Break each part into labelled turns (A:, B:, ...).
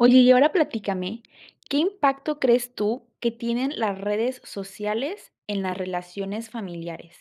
A: Oye, y ahora platícame, ¿qué impacto crees tú que tienen las redes sociales en las relaciones familiares?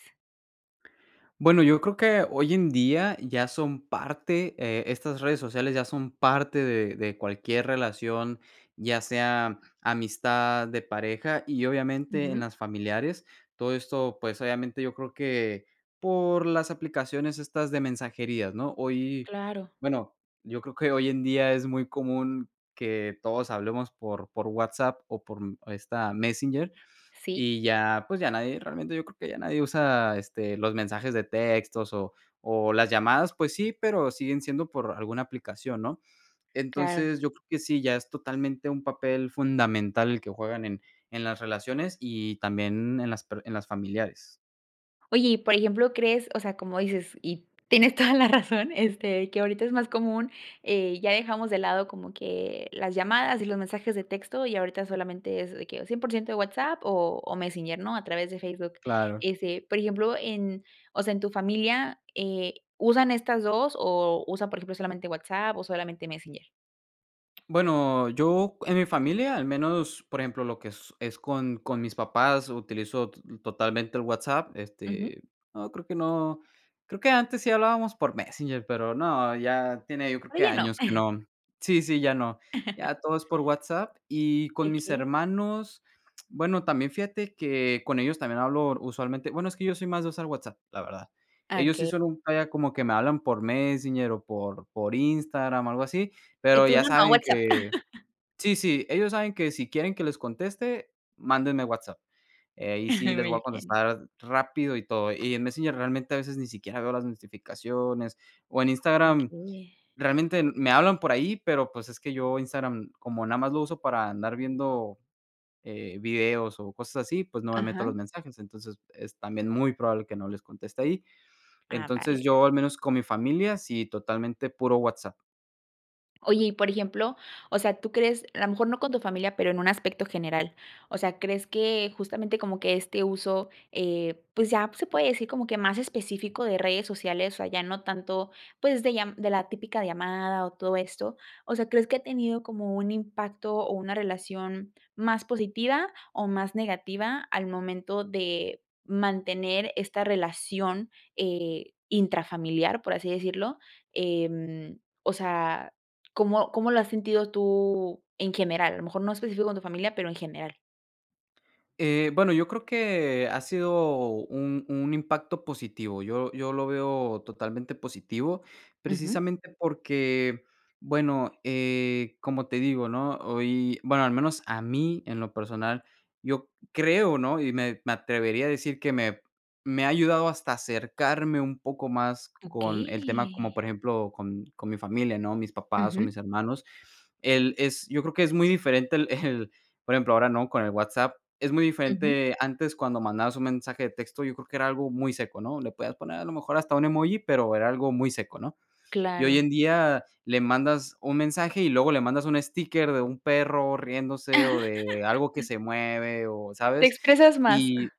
B: Bueno, yo creo que hoy en día ya son parte, eh, estas redes sociales ya son parte de de cualquier relación, ya sea amistad, de pareja y obviamente en
A: Ujú.
B: las familiares. Todo esto, pues, obviamente, yo creo que por las aplicaciones estas de mensajerías, ¿no?, hoy,
A: Claro.
B: bueno, yo creo que hoy en día es muy común que todos hablemos por por WhatsApp, o por, mm, esta Messenger,
A: Sí.
B: y ya, pues, ya nadie realmente, yo creo que ya nadie usa, este, los mensajes de textos o o las llamadas, pues sí, pero siguen siendo por alguna aplicación, ¿no?
A: Claro.
B: Entonces, yo creo que sí, ya es totalmente un papel fundamental, el que juegan en en las relaciones, y también en las per en las familiares.
A: Oye, y por ejemplo, crees, o sea, como dices y tienes toda la razón, este, que ahorita es más común, eh, ya dejamos de lado como que las llamadas y los mensajes de texto y ahorita solamente es de que o 100% de WhatsApp o o Messenger, ¿no?, a través de Facebook.
B: Claro.
A: Este, por ejemplo, en o sea, en tu familia, eh, ¿usan estas 2 o usan, por ejemplo, solamente WhatsApp o solamente Messenger?
B: Bueno, yo en mi familia, al menos, por ejemplo, lo que es con con mis papás utilizo t totalmente el WhatsApp,
A: Ujú.
B: este, no creo que no. Creo que antes sí hablábamos por Messenger, pero no, ya tiene, yo creo que
A: Oye no.
B: años que no, sí, sí, ya no. Ya todo es por WhatsApp y con mis
A: Okey.
B: hermanos, bueno, también, fíjate que con ellos también hablo usualmente. Bueno, es que yo soy más de usar WhatsApp, la verdad.
A: Ah,
B: Ellos sí
A: okey.
B: son un, vaya como que me hablan por Messenger o por por Instagram o algo así,
A: Y
B: pero
A: tú
B: ya
A: no, no,
B: saben
A: WhatsApp.
B: que, sí, sí, ellos saben que si quieren que les conteste, mándenme WhatsApp. Eh, y sí les voy a
A: Muy bien.
B: contestar rápido y todo. Y en Messenger realmente a veces ni siquiera veo las notificaciones. O en Instagram,
A: Okey.
B: realmente me hablan por ahí, pero pues es que yo Instagram como nada más lo uso para andar viendo, eh videos o cosas así, pues, no me meto a los
A: Aja.
B: mensajes. Entonces, es también muy probable que no les conteste ahí.
A: Ah,
B: Entonces,
A: vale
B: yo,
A: perfecto.
B: al menos con mi familia, sí, totalmente puro WhatsApp.
A: Oye y por ejemplo, o sea, ¿tú crees?, a lo mejor no con tu familia, pero en un aspecto general, o sea, ¿crees que justamente como que este uso, eh, pues ya se puede decir como que más específico de redes sociales, o ya no tanto, pues de lla de la típica llamada o todo esto, o sea, ¿crees que ha tenido como un impacto o una relación más positiva o más negativa al momento de mantener esta relación eh, intrafamiliar, por así decirlo? Em, o sea ¿cómo cómo lo has sentido tú en general? A lo mejor no específico con tu familia, pero en general.
B: Eh, bueno, yo creo que ha sido un un impacto positivo. Yo yo lo veo totalmente positivo,
A: Ujú.
B: precisamente porque, bueno, eh, como te digo, ¿no?, hoy, bueno, al menos a mí, en lo personal, yo creo, ¿no?, y me me atrevería a decir que me me ha ayudado hasta acercarme un poco más con el tema, como
A: Okey.
B: por ejemplo, con con mi familia, ¿no?, mis papás o
A: Ujú.
B: mis hermanos. El es yo creo que es muy diferente el el, por ejemplo, ahora, ¿no?, con el WhatsApp, es muy
A: Ujú.
B: diferente antes cuando mandabas un mensaje de texto, yo creo que era algo muy seco, ¿no?, le podías poner a lo mejor hasta un emoji, pero era algo muy seco, ¿no? Y hoy
A: Claro.
B: en día le mandas un mensaje y luego le mandas un sticker de un perro riéndose o de algo que se mueve o,
A: Te
B: ¿sabes?
A: expresas más.
B: Y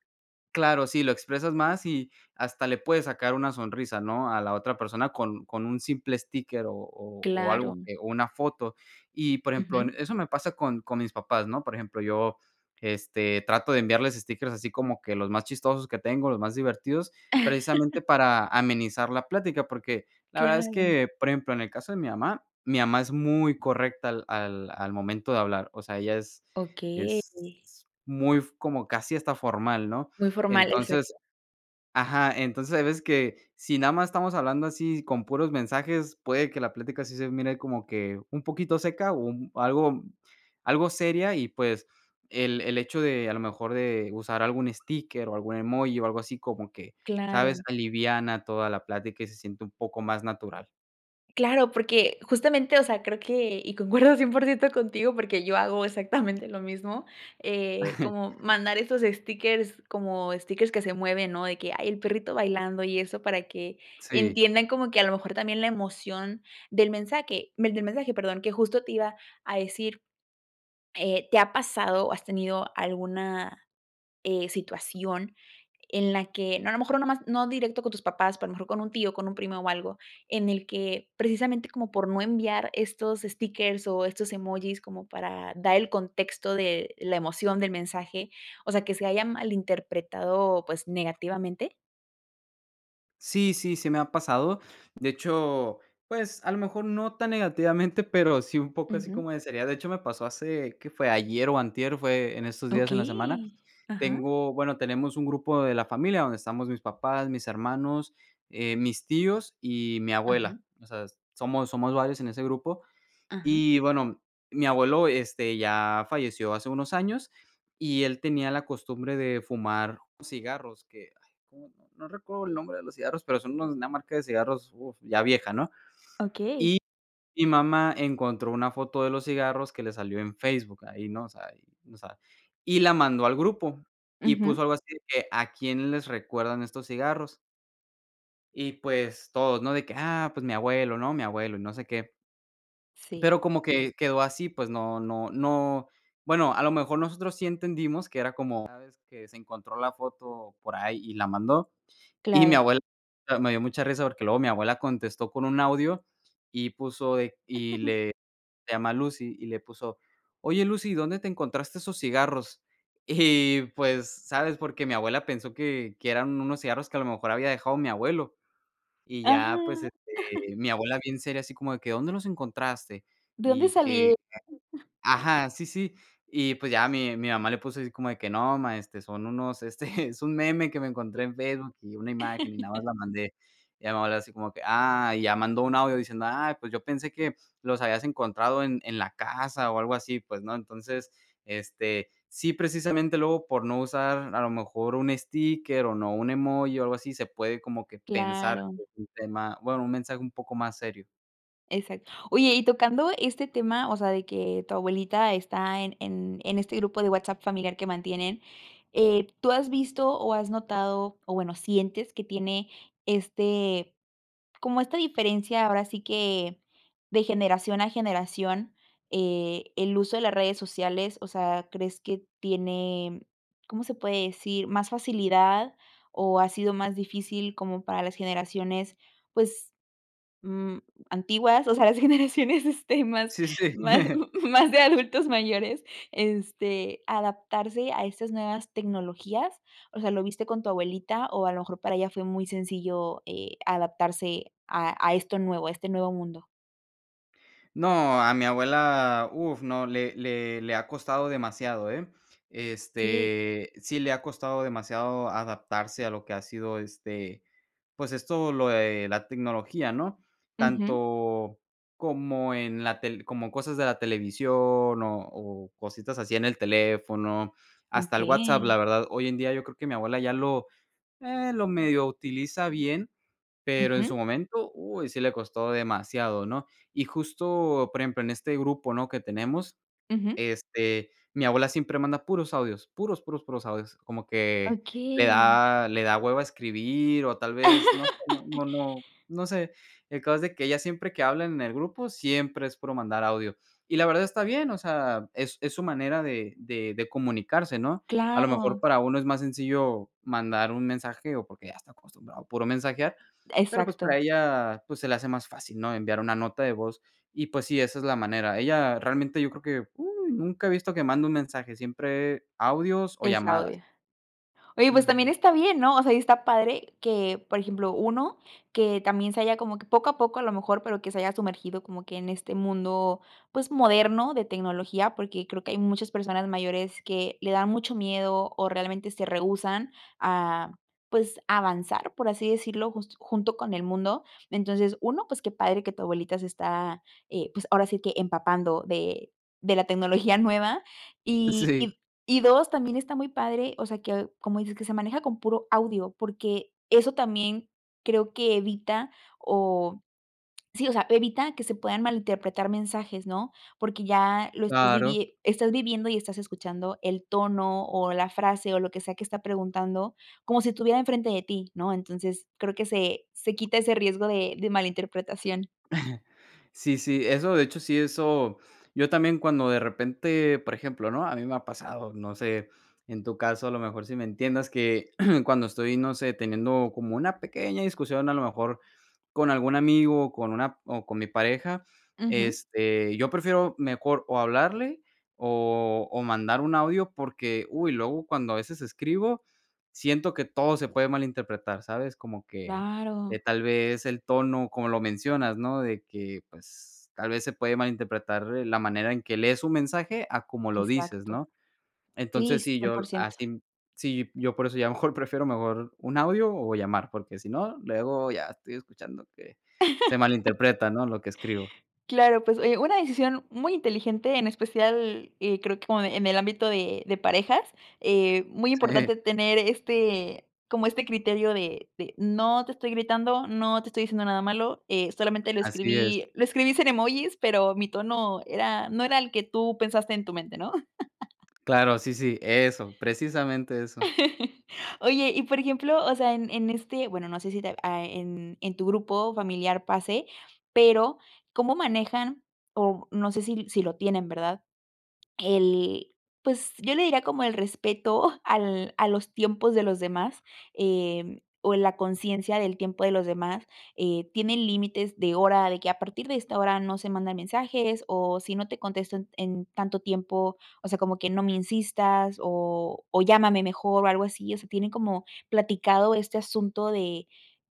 B: claro, sí, lo expresas más y hasta le puedes sacar una sonrisa, ¿no?, a la otra persona con con un simple sticker o o o algo
A: Claro.
B: que o una foto. Y por ejemplo,
A: Ujú.
B: en eso me pasa con con mis papás, ¿no?, Por ejemplo, yo, este, trato de enviarles stickers así como que los más chistosos que tengo, los más divertidos, precisamente para amenizar la plática, porque la verdad es
A: Claro.
B: que, por ejemplo, en el caso de mi mamá, mi mamá es muy correcta al al al momento de hablar, o sea, ella es
A: Okey.
B: es muy f como casi hasta formal, ¿no?
A: Muy formal,
B: Entonces
A: exacto.
B: ajá, entonces hay veces que si nada más estamos hablando así con puros mensajes, puede que la plática sí se mire como que un poquito seca o un algo algo seria y pues el el hecho de a lo mejor de usar algún sticker o algún emoji o algo así como que, ¿sabes?
A: Claro.
B: Aliviana toda la plática y se siente un poco más natural.
A: Claro, porque justamente, o sea, creo que y concuerdo 100% contigo porque yo hago exactamente lo mismo, eh, como mandar esos stickers como stickers que se mueven, ¿no?, de que, ay, el perrito bailando y eso para que
B: Sí.
A: entiendan como que, a lo mejor, también la emoción del mensaje, del mensaje, perdón, que justo te iba a decir, eh, ¿te ha pasado, o has tenido alguna, eh, situación en la que no, a lo mejor, no nada más, no directo con tus papás, pero a mejor con un tío, con un primo o algo, en el que precisamente, como por no enviar estos stickers o estos emojis como para dar el contexto de la emoción del mensaje, o sea, que se hayan malinterpretado, pues, negativamente?
B: Sí, sí, sí me ha pasado. De hecho, pues, a lo mejor, no tan negativamente, pero sí, un poco así
A: Ujú.
B: como de seriedad. De hecho, me pasó hace, ¿qué fue?, ayer o antier, fue en estos días en la semana.
A: ¡Okey!, ajá.
B: Tengo, bueno, tenemos un grupo de la familia, donde estamos mis papás, mis hermanos, eh, mis tíos y mi
A: Ajá.
B: abuela, o sea, somos somos varios en ese grupo.
A: Ajá.
B: Y bueno, mi abuelo, este, ya falleció hace unos años, y él tenía la costumbre de fumar cigarros que, ay, cómo, no no recuerdo el nombre de los cigarros, pero, son unos, una marca de cigarros, uf, ya vieja, ¿no?,
A: ¡Okey!
B: y mi mamá encontró una foto de los cigarros que le salió en Facebook ahí, ¿no?, o sea, y no sabe. Y la mandó al grupo y
A: Ujú.
B: puso algo así que, ¿a quién les recuerdan estos cigarros? Y pues todos, ¿no? De que: "Ah, pues mi abuelo", ¿no? Mi abuelo y no sé qué.
A: Sí.
B: Pero como que quedó así, pues no no no, bueno, a lo mejor nosotros sí entendimos que era como, ¿sabes?, que se encontró la foto por ahí y la mandó y mi
A: Claro.
B: abuela me dio mucha risa, porque luego mi abuela contestó con un audio y puso de y le se llama Lucy y le puso: "Oye Lucy, ¿dónde te encontraste esos cigarros?". Y pues, ¿sabes? Porque mi abuela pensó que que eran unos cigarros que a lo mejor había dejado mi abuelo. Y ya pues,
A: ¡Ajá!
B: este mi abuela bien seria así como de que: "¿Dónde los encontraste?".
A: ¿De dónde
B: Y que
A: salieron?
B: ajá, sí, sí. Y pues ya mi mi mamá le puso así como de que: "No, ma, este, son unos, este, es un meme que me encontré en Facebook y una imagen y nada más la mandé". Y ya mi abuela así como que ah, y ya mandó un audio diciendo: "Ay, pues yo pensé que los habías encontrado en en la casa o algo así, pues", ¿no? Entonces, este, sí precisamente luego por no usar a lo mejor un sticker o no, un emoji o algo así, se puede como que pensar
A: Claro.
B: que es un tema, bueno, un mensaje un poco más serio.
A: Exac oye, y tocando este tema, o sea, de que tu abuelita está en en en este grupo de WhatsApp familiar que mantienen, eh ¿tú has visto o has notado o bueno, sientes que tiene este, como esta diferencia, ahora sí que de generación a generación, eh, el uso de las redes sociales? O sea, ¿crees que tiene, cómo se puede decir, más facilidad o ha sido más difícil como para las generaciones, pues, mm, antiguas, o sea, las generaciones, este, más
B: Sí, sí, sí.
A: má más de adultos mayores, este, adaptarse a estas nuevas tecnologías?, o sea, ¿lo viste con tu abuelita? O a lo mejor para ella fue muy sencillo, eh, adaptarse a a esto nuevo, a este nuevo mundo.
B: No, a mi abuela, uf, no, le le -le ha costado demasiado, eh,
A: Sí.
B: este, sí le ha costado demasiado adaptarse a lo que ha sido, este, pues, esto lo de la tecnología, ¿no?,
A: Ujú.
B: tanto como en la tel como cosas de la televisión, o o cositas así en el teléfono, hasta el WhatsApp. La
A: ¡Okey!
B: verdad, hoy en día yo creo que mi abuela ya lo ah, lo medio utiliza bien, pero, en su
A: Ujú.
B: momento, uy, sí le costó demasiado, ¿no?, y justo, por ejemplo, en este grupo, ¿no?, que tenemos,
A: Ujú.
B: este, mi abuela siempre manda puros audios, puros, puros, puros audios, como que le
A: ¡Okey!
B: da le da hueva escribir, o tal vez no sé, no no no no sé. El caso es de que ella siempre que habla en el grupo, siempre es puro mandar audio, y la verdad está bien, o sea, es es su manera de de de comunicarse, ¿no?, a lo mejor,
A: ¡Claro!
B: para uno es más sencillo mandar un mensaje, o porque ya está acostumbrado a puro mensajear, pero, pues, para
A: Exacto.
B: ella, pues, se le hace más fácil, ¿no?, enviar una nota de voz. Y, pues, sí, esa es la manera. Ella, realmente, yo creo, ¡uy!, nunca he visto que mande un mensaje, siempre audios o
A: Es
B: llamadas.
A: audio. Oye, pues, también
B: Ujú.
A: está bien, ¿no?, o sea, y está padre que, por ejemplo, 1, que también se haya como, que poco a poco, a lo mejor, pero que se haya sumergido como que en este mundo, pues, moderno de tecnología, porque creo que hay muchos personas mayores que, le da mucho miedo, o realmente se rehúsan a, pues, avanzar, por así decirlo, just junto con el mundo. Entonces, 1, pues, qué padre que tu abuelita se está, eh, pues, ahora sí que, empapando de de la tecnología nueva. Y
B: Sí.
A: y y, 2, también está muy padre, o sea, que como dices que se maneja con puro audio, porque eso también creo que evita o sí, o sea, evita que se puedan malinterpretar mensajes, ¿no?, porque ya lo estás
B: Claro.
A: vivie estás viviendo, y estás escuchando el tono, o la frase, o lo que sea que está preguntando, como si estuviera en frente de ti, ¿no?, entonces, creo que se se quita ese riesgo de de mal interpretación.
B: Sí, sí, eso, de hecho, sí, eso yo también cuando de repente, por ejemplo, ¿no?, a mí me ha pasado, no sé, en tu caso, a lo mejor, si me entiendas que cuando estoy, no sé, teniendo como una pequeña discusión, a lo mejor, con algún amigo, o con una o con mi pareja,
A: Ujú.
B: este, yo prefiero mejor o hablarle, o o mandar un audio, porque, uy, luego cuando a veces escribo, siento que todo se puede malinterpretar, ¿sabes?, como que, eh,
A: ¡Claro!
B: tal vez, el tono, como lo mencionas, ¿no?, de que, pues, tal vez se puede malinterpretar, eh, la manera en que lees un mensaje, a como lo dices,
A: Exacto,
B: ¿no?,
A: sí,
B: entonces sí,
A: cien por
B: yo
A: ciento.
B: así sí, yo por eso ya mejor prefiero mejor, un audio o llamar, porque si no, luego ya estoy escuchando que se malinterpreta, ¿no?, lo que escribo.
A: Claro, pues, oye, una decisión muy inteligente, en especial, eh, creo, que como en el ámbito de de parejas. Eh, muy
B: Sí.
A: importante tener este como este criterio de de no te estoy gritando, no te estoy diciendo nada malo, eh, solamente lo
B: Así es.
A: escribí lo escribí sin emojis, pero, mi tono era no era el que tú pensaste en tu mente, ¿no?
B: Claro, sí, sí, eso, precisamente eso.
A: Oye, y por ejemplo, o sea, en en este, bueno, no sé si te a en en tu grupo familiar pase, pero, ¿cómo manejan?, o no sé, si si lo tienen, ¿verdad?, el, pues, yo le diría como el respeto al a los tiempos de los demás, em, o en la conciencia del tiempo de los demás, eh, ¿tienen límites de hora de que a partir de esta hora no se mandan mensajes, o si no te contesto en en tanto tiempo, o sea, como que no me insistas, o o llámame mejor, o algo así, o sea, tienen como platicado este asunto de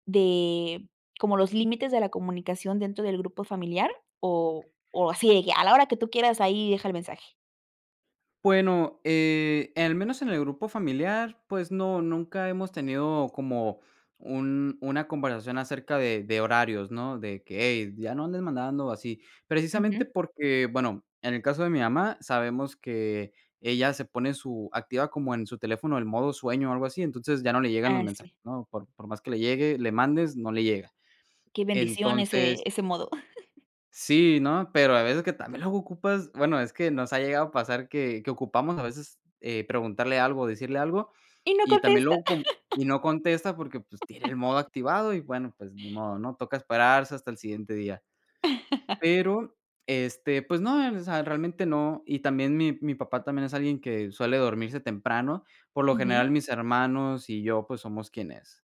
A: de como los límites de la comunicación dentro del grupo familiar, o o así de, ya, a la hora que tú quieras, ahí deja el mensaje?
B: Bueno, eh al menos en el grupo familiar, pues no, nunca hemos tenido como un una conversación acerca de de horarios, ¿no? De qué: "Hey, ya no andes mandando así". Precisamente
A: Ujú.
B: porque, bueno, en el caso de mi mamá, sabemos que ella se pone su activa como en su teléfono el modo sueño o algo así. Entonces, ya no le llegan los
A: Ah
B: mensajes,
A: si.
B: ¿no? Por por más que le llegue, le mandes, no le llega,
A: Qué bendición ese
B: entonces
A: ese modo.
B: ¿sí, no? Pero a veces que también luego ocupas bueno, es que nos ha llegado a pasar que que ocupamos a veces, eh preguntarle algo o decirle algo
A: Y no
B: y también
A: contesta.
B: luego con y no contesta porque, pues, tiene el modo activado y bueno, pues ni modo, ¿no? Toca esperarse hasta el siguiente día. Pero, este, pues no,, [unintelligible] realmente no. Y también mi mi papá también es alguien que suele dormirse temprano. Por lo
A: Ujú.
B: general, mis hermanos y yo, pues somos quienes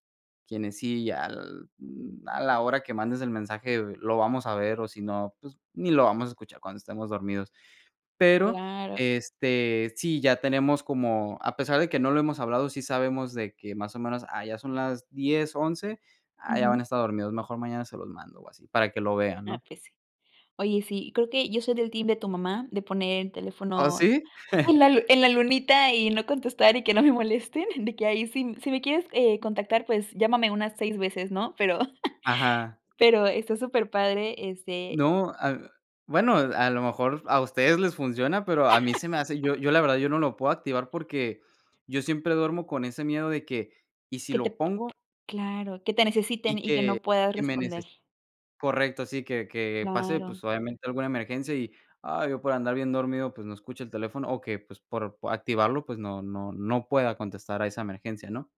B: quienes sí, al, mm, a la hora que mandes el mensaje, lo vamos a ver, o si no, pues, ni lo vamos a escuchar cuando estemos dormidos. Pero,
A: Claro.
B: este, sí, ya tenemos como, a pesar de que no lo hemos hablado, sí sabemos de que más o menos, ah, ya son las 10, 11 ah, ya
A: Ujú.
B: van a estar dormidos, mejor mañana se los mando o así, para que lo vean,
A: Ah,
B: ¿no?
A: pues sí, oye sí creo que yo soy del team de tu mamá, de poner el
B: ¿Ah,
A: teléfono
B: sí?
A: en la lu en la lunita y no contestar y que no me molesten, de que ahí si si me quieres contactar pues llámame unas 6 veces, ¿no?, pero
B: Ajá.
A: pero está superpadre este
B: No, ah, bueno, a lo mejor a ustedes les funciona, pero a mí se me hace, yo yo la verdad, yo no lo puedo activar porque yo siempre duermo con ese miedo de que, ¿y si
A: Que te
B: lo
A: p
B: pongo?
A: claro, que te necesiten
B: Y
A: y que
B: que
A: no puedas
B: que me
A: responder.
B: neces correcto, sí, que que pase,
A: Claro.
B: pues, obviamente, alguna emergencia y, ay, yo por andar bien dormido, pues no escucho el teléfono, o que, pues por activarlo, pues no no no pueda contestar a esa emergencia, ¿no?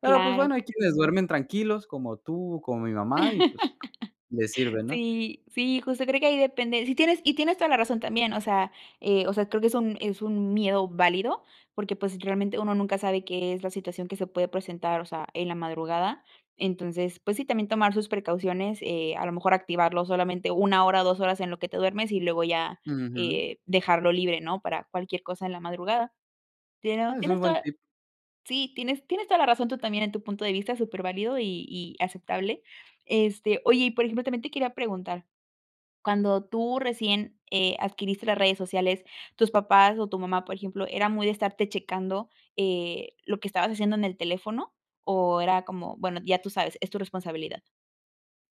B: Pero, pues
A: Claro.
B: bueno, hay quienes duermen tranquilos, como tú, como mi mamá y, pues, les sirve, ¿no?
A: Sí, sí, justo creo que ahí depende, sí tienes y tienes toda la razón también, o sea, eh, o sea, creo que es un es un miedo válido porque, pues, realmente uno nunca sabe qué es la situación que se puede presentar, o sea, en la madrugada. Entonces, pues sí, también tomar sus precauciones, eh, a lo mejor activarlo solamente 1 hora, 2 horas en lo que te duermes y luego ya,
B: Ujú.
A: eh dejarlo libre, ¿no? Para cualquier cosa en la madrugada. Tienes
B: Ah, eso es
A: tienes
B: buen
A: toda,
B: tip.
A: sí, tienes tienes toda la razón tú también en tu punto de vista, superválido y y aceptable. Este, oye, y por ejemplo, también te quería preguntar, cuando tú recién, eh adquiriste las redes sociales, tus papás o tu mamá, por ejemplo, ¿era muy de estarte checando, eh, lo que estabas haciendo en el teléfono? ¿O era como, bueno, ya tú sabes, es tu responsabilidad?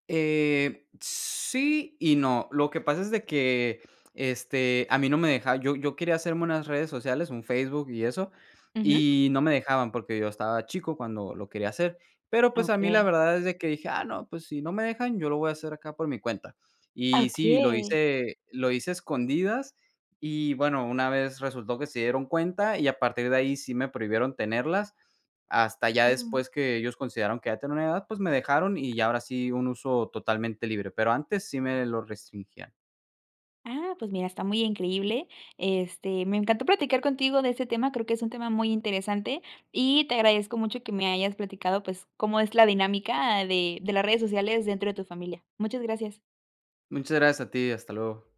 B: Eh, sí y no, lo que pasa es de que, este, a mí no me deja yo yo quería hacerme unas redes sociales, un Facebook y eso,
A: Ujú.
B: y no me dejaban porque yo estaba chico cuando lo quería hacer. Pero, pues a mí la
A: Okey.
B: verdad es de que dije: "Ah no, pues si no me dejan, yo lo voy a hacer acá por mi cuenta".
A: Ah,
B: Y sí, lo
A: okey.
B: hice lo hice a escondidas y bueno, una vez resultó que se dieron cuenta y a partir de ahí sí me prohibieron tenerlas. Hasta ya
A: Ujú
B: después que ellos consideraron que ya tenía una edad, pues me dejaron y ya ahora sí un uso totalmente libre. Pero antes sí me lo restringían.
A: Ah, pues mira, está muy increíble. Este, me encantó platicar contigo de ese tema, creo que es un tema muy interesante y te agradezco mucho que me hayas platicado, pues, cómo es la dinámica de de las redes sociales dentro de tu familia. Muchas gracias.
B: Muchas gracias a ti, hasta luego.